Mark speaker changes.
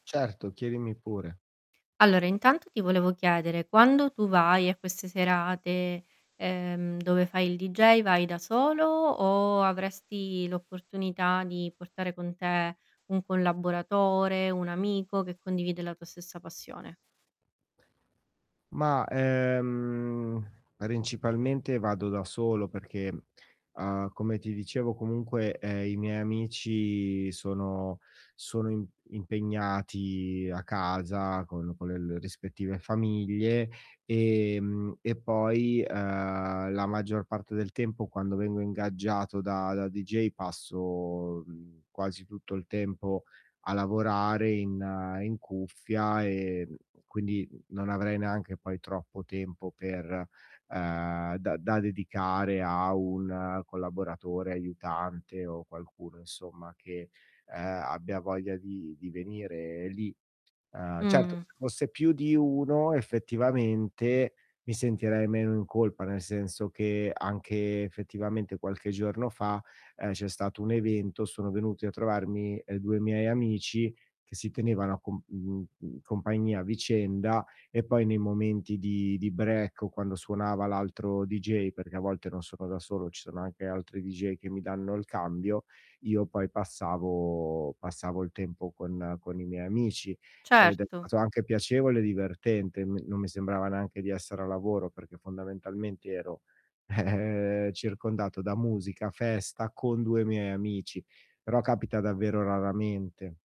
Speaker 1: Certo, chiedimi pure.
Speaker 2: Allora, intanto ti volevo chiedere: quando tu vai a queste serate, ehm, dove fai il deejay, vai da solo o avresti l'opportunità di portare con te un collaboratore, un amico che condivide la tua stessa passione?
Speaker 1: Mah, ehm, principalmente vado da solo perché, uhm, come ti dicevo comunque, ehm, i miei amici sono sono im impegnati a casa con con le l rispettive famiglie, ehm, e poi, uhm, la maggior parte del tempo quando vengo ingaggiato da da deejay passo, mhmm, quasi tutto il tempo a lavorare in in cuffia e, mhmm, quindi non avrei neanche poi troppo tempo per ehm, da da dedicare a un collaboratore, aiutante o qualcuno insomma che, ehm, abbia voglia di di venire lì. Uhm, certo
Speaker 2: Mh.
Speaker 1: se fosse più di 1 effettivamente mi sentirei meno in colpa, nel senso che anche effettivamente, qualche giorno fa, ehm, c'è stato un evento, sono venuti a trovarmi, ehm, 2 miei amici che si tenevano a comp mhmm, mhmm, compagnia a vicenda e poi nei momenti di di break o quando suonava l'altro deejay, perché a volte non sono da solo, ci sono anche altri deejay che mi danno il cambio, io poi passavo passavo il tempo con con i miei amici. Ed è
Speaker 2: Certo.
Speaker 1: stato anche piacevole e divertente, me non mi sembrava neanche di essere a lavoro, perché fondamentalmente ero circondato da musica, festa, con 2 miei amici, però capita davvero raramente.